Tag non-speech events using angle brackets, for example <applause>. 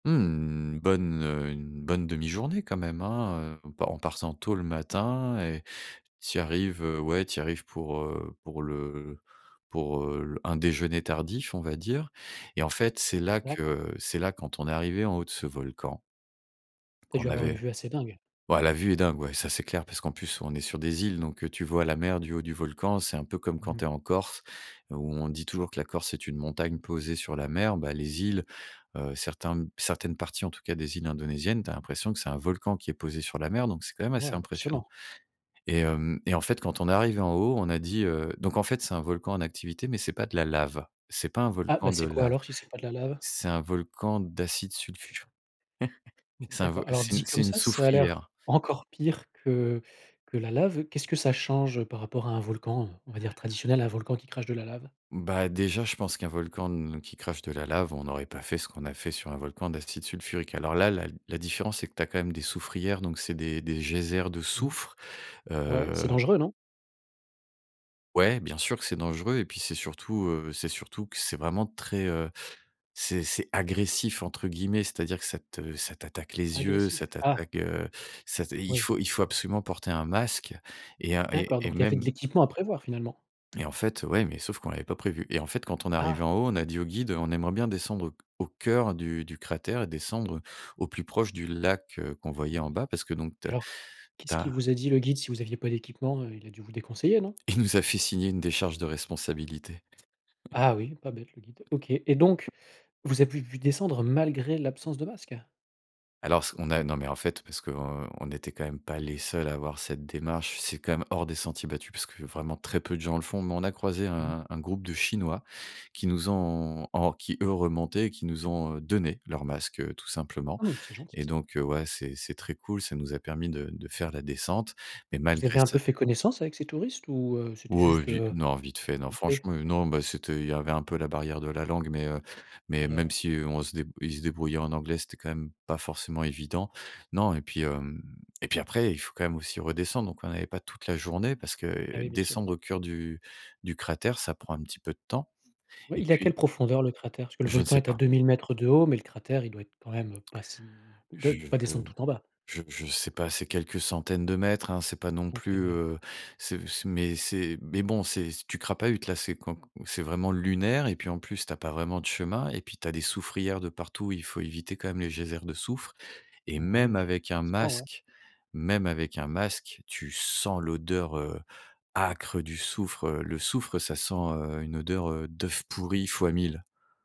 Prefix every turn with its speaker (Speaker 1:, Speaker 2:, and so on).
Speaker 1: Mmh, bonne, heu, une bonne 1/2 journée quand même, hein. En en partant tôt le matin et tu y arrives, ouais, tu y arrives pour, heu, pour le pour, heu, un déjeuner tardif, on va dire. Et en fait, c'est là
Speaker 2: D'accord.
Speaker 1: que c'est là, quand on est arrivés en haut de ce volcan
Speaker 2: Tu as
Speaker 1: qu'on
Speaker 2: du avoir une
Speaker 1: avait
Speaker 2: vue assez dingue.
Speaker 1: ouais, la vue est dingue, ouais, ça, c'est clair parce qu'en plus, on est sur des îles, donc heu, tu vois la mer du haut du volcan. C'est un peu comme quand
Speaker 2: Mmh.
Speaker 1: tu es en Corse. Où on dit toujours que la Corse, c'est une montagne posée sur la mer. Ben, les îles, heu, certains certaines parties, en tout cas, des îles indonésiennes, tu as l'impression que c'est un volcan qui est posé sur la mer, donc c'est quand même
Speaker 2: Ouais,
Speaker 1: assez impressionnant.
Speaker 2: impressionnant.
Speaker 1: Et hem et en fait, quand on est arrivés en haut, on a dit, heu donc, en fait, c'est un volcan en activité, mais c'est pas de la lave, c'est pas un
Speaker 2: Ah
Speaker 1: volcan
Speaker 2: ben,
Speaker 1: de
Speaker 2: c'est quoi
Speaker 1: lave,
Speaker 2: alors, si c'est pas de la lave?
Speaker 1: c'est un volcan d'acide sulfur, <chuckles> c'est un vo
Speaker 2: D'accord. Alors,
Speaker 1: c'est
Speaker 2: dit
Speaker 1: c'est
Speaker 2: comme
Speaker 1: une
Speaker 2: ça, ça a l'air
Speaker 1: soufrière.
Speaker 2: encore pire que que la lave. Qu'est-ce que ça change par rapport à un volcan, on va dire, traditionnel, un volcan qui crache de la lave?
Speaker 1: Ben déjà, je pense qu'un volcan ne qui crache de la lave, on aurait pas fait ce qu'on a fait sur un volcan d'acide sulfurique. Alors là, la la différence, c'est que tu as quand même des soufrières, donc c'est des des geysers de
Speaker 2: Mmh.
Speaker 1: soufre,
Speaker 2: Ouais, c'est
Speaker 1: heu
Speaker 2: dangereux, non?
Speaker 1: Ouais, bien sûr que c'est dangereux et puis, c'est surtout, heu, c'est surtout que c'est vraiment très, heu, c'est c'est «agressif», entre guillemets, c'est à dire que ça te ça t'attaque les yeux,
Speaker 2: Agressif?
Speaker 1: ça
Speaker 2: Ah!
Speaker 1: t'attaque, heu, ça ta Il
Speaker 2: Oui.
Speaker 1: faut il faut absolument porter un masque et heu et
Speaker 2: D'accord,
Speaker 1: et
Speaker 2: donc il y avait de
Speaker 1: même
Speaker 2: l'équipement à prévoir, finalement?
Speaker 1: Et en fait, ouais, mais sauf qu'on l'avait pas prévu. Et en fait, quand on est arrivés
Speaker 2: Ah.
Speaker 1: en haut, on a dit au guide: «On aimerait bien descendre au c au cœur du du cratère et descendre au plus proche du lac», heu, qu'on
Speaker 2: Ouais.
Speaker 1: voyait en bas. Parce que donc, tu as
Speaker 2: Alors,
Speaker 1: tu
Speaker 2: qu'est-ce
Speaker 1: as.
Speaker 2: qu'il vous a dit le guide, si vous aviez pas d'équipement, heu? il a dû vous déconseiller, non?
Speaker 1: Il nous a fait signer une décharge de responsabilité.
Speaker 2: Ah oui, pas bête le guide. OK. Et donc,
Speaker 1: <laughs>
Speaker 2: vous avez pu descendre malgré l'absence de masque?
Speaker 1: Alors ce qu'on a non, mais en fait, parce qu'on on n'était quand même pas les seuls à avoir cette démarche. C'est quand même hors des sentiers battus parce que vraiment très peu de gens le font. Mais on a croisé
Speaker 2: Mmh mh.
Speaker 1: un un groupe de Chinois qui nous ont en qui, eux, remontaient, qui nous ont donné leur masque, tout simplement.
Speaker 2: Mmh, c'est gentil
Speaker 1: Et
Speaker 2: ça.
Speaker 1: donc, ouais, c'est c'est très cool. Ça nous a permis de de faire la descente. Mais
Speaker 2: Vous
Speaker 1: malgré
Speaker 2: avez un
Speaker 1: ça
Speaker 2: peu fait connaissance avec ces touristes ou, heu, c'était
Speaker 1: Ouais,
Speaker 2: juste,
Speaker 1: vi
Speaker 2: heu,
Speaker 1: non, vite fait, non.
Speaker 2: vite fait?
Speaker 1: Franchement,
Speaker 2: D'accord.
Speaker 1: non ben c'était il y avait un peu la barrière de la langue, mais, heu, mais
Speaker 2: Et
Speaker 1: même
Speaker 2: ouais.
Speaker 1: si on se dé ils se débrouillaient en anglais, c'était quand même pas forcément évident. Non et puis hem et puis après, il faut quand même aussi redescendre, quoi. Donc on avait pas toute la journée parce
Speaker 2: Et
Speaker 1: que
Speaker 2: oui, bien sûr.
Speaker 1: descendre au cœur du du cratère, ça prend un petit peu de temps.
Speaker 2: Oui,
Speaker 1: Et
Speaker 2: il est a quelle
Speaker 1: puis
Speaker 2: profondeur, le cratère? Parce le
Speaker 1: Je ne
Speaker 2: volcan
Speaker 1: sais
Speaker 2: est à
Speaker 1: pas.
Speaker 2: 2 000 m de haut, mais le cratère, il doit être quand même pas si il
Speaker 1: Je
Speaker 2: doit pas
Speaker 1: je
Speaker 2: descendre tout en bas.
Speaker 1: je je sais pas, c'est quelques centaines de mètres, hein. C'est pas non
Speaker 2: Monter,
Speaker 1: plus,
Speaker 2: ouais.
Speaker 1: heu, c'est c'est mais c'est mais bon, c'est tu crapahutes, là. C'est quand c'est vraiment lunaire et puis en plus, tu as pas vraiment de chemin et puis tu as des soufrières de partout. Il faut éviter quand même les geysers de soufre et
Speaker 2: Ouais,
Speaker 1: même
Speaker 2: vi
Speaker 1: avec un
Speaker 2: forcément, ouais.
Speaker 1: masque même avec un masque, tu sens l'odeur, heu, âcre du soufre, heu, le soufre, ça sent, heu, une odeur d'œuf pourri fois 1 000.